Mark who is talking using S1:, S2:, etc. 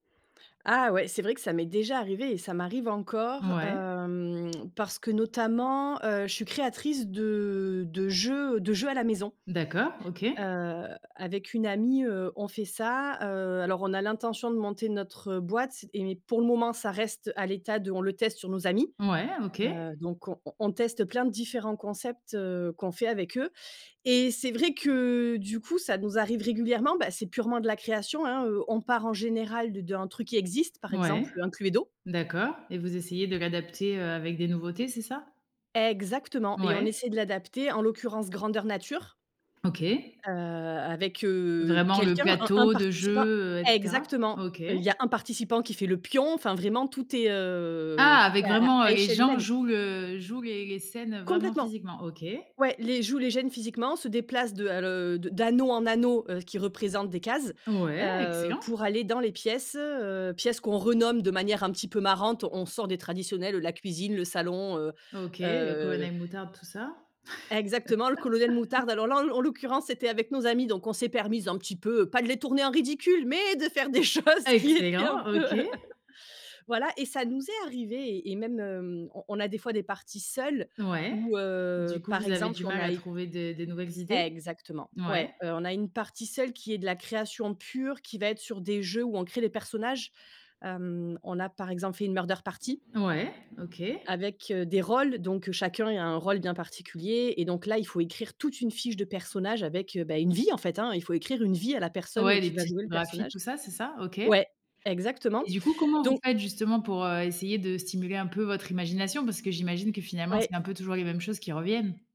S1: Ah ouais, c'est vrai que ça m'est déjà arrivé et ça m'arrive encore,
S2: Ouais.
S1: hem, parce que notamment, heu, je suis créatrice de de jeux, heu, de jeux à la maison.
S2: D'accord, OK.
S1: Heu, avec une amie, heu, on fait ça heu alors on a l'intention de monter notre boîte et pour le moment, ça reste à l'état de on le teste sur nos amis.
S2: Ouais, OK.
S1: Heu, donc on on teste plein de différents concepts, heu, qu'on fait avec eux et c'est vrai que du coup, ça nous arrive régulièrement. Bah c'est purement de la création hein, heu, on part en général d'un truc qui existe, par
S2: Ouais.
S1: exemple, heu, un Cluedo.
S2: D'accord, et vous essayez de l'adapter, heu, avec des nouveautés, c'est ça?
S1: Exactement! Et on
S2: Ouais.
S1: essaie de l'adapter, en l'occurrence grandeur nature
S2: OK.
S1: heu, avec, heu,
S2: Vraiment, le
S1: quelqu'un, un un
S2: plateau de
S1: participant
S2: jeu, heu, et cetera?
S1: exactement.
S2: OK.
S1: Heu, il y a un participant qui fait le pion, enfin, vraiment, tout est, heu,
S2: Ah!
S1: tout
S2: Avec
S1: est à
S2: vraiment, heu,
S1: à
S2: les
S1: échelle
S2: gens
S1: humaine.
S2: jouent le jouent les les scènes, vraiment,
S1: Complètement.
S2: physiquement? OK.
S1: Ouais, les jouent, les gênent physiquement, se déplacent de à le d'anneau en anneau, heu, qui représentent des cases,
S2: Ouais,
S1: heu,
S2: excellent!
S1: pour aller dans les pièces. Heu, pièces qu'on renomme de manière un petit peu marrante. On sort des traditionnels, heu, la cuisine, le salon, heu
S2: OK, heu,
S1: heu
S2: Colonel Moutarde, tout ça.
S1: Exactement, le Colonel Moutarde. Alors là en l'o en l'occurrence, c'était avec nos amis donc on s'est permises un petit peu, heu, pas de les tourner en ridicule, mais de faire des choses qui étaient un
S2: Excellent!
S1: peu
S2: OK.
S1: voilà et ça nous est arrivé et et même, on on a des fois des parties seules
S2: Ouais.
S1: où, heu,
S2: Du coup,
S1: par
S2: vous avez du
S1: exemple, on
S2: mal à
S1: a eu
S2: trouver de des nouvelles idées?
S1: exactement,
S2: Ouais.
S1: ouais. Heu, on a une partie seule, qui est de la création pure, qui va être sur des jeux où on crée des personnages. Hem, on a, par exemple, fait une murder party.
S2: Ouais, OK.
S1: avec, heu, des rôles, donc heu, chacun a un rôle bien particulier et donc là il faut écrire toute une fiche de personnages avec, heu, bah une vie en fait hein! Il faut écrire une vie à la personne
S2: Ouais, les
S1: qui va jouer le
S2: typographies,
S1: personnage.
S2: tout ça, c'est ça? OK.
S1: Ouais
S2: Et
S1: exactement
S2: du coup, comment vous
S1: donc
S2: faites, justement, pour, heu, essayer de stimuler un peu votre imagination? Parce que, j'imagine, que finalement,
S1: Ouais.
S2: c'est un peu toujours les mêmes choses qui reviennent.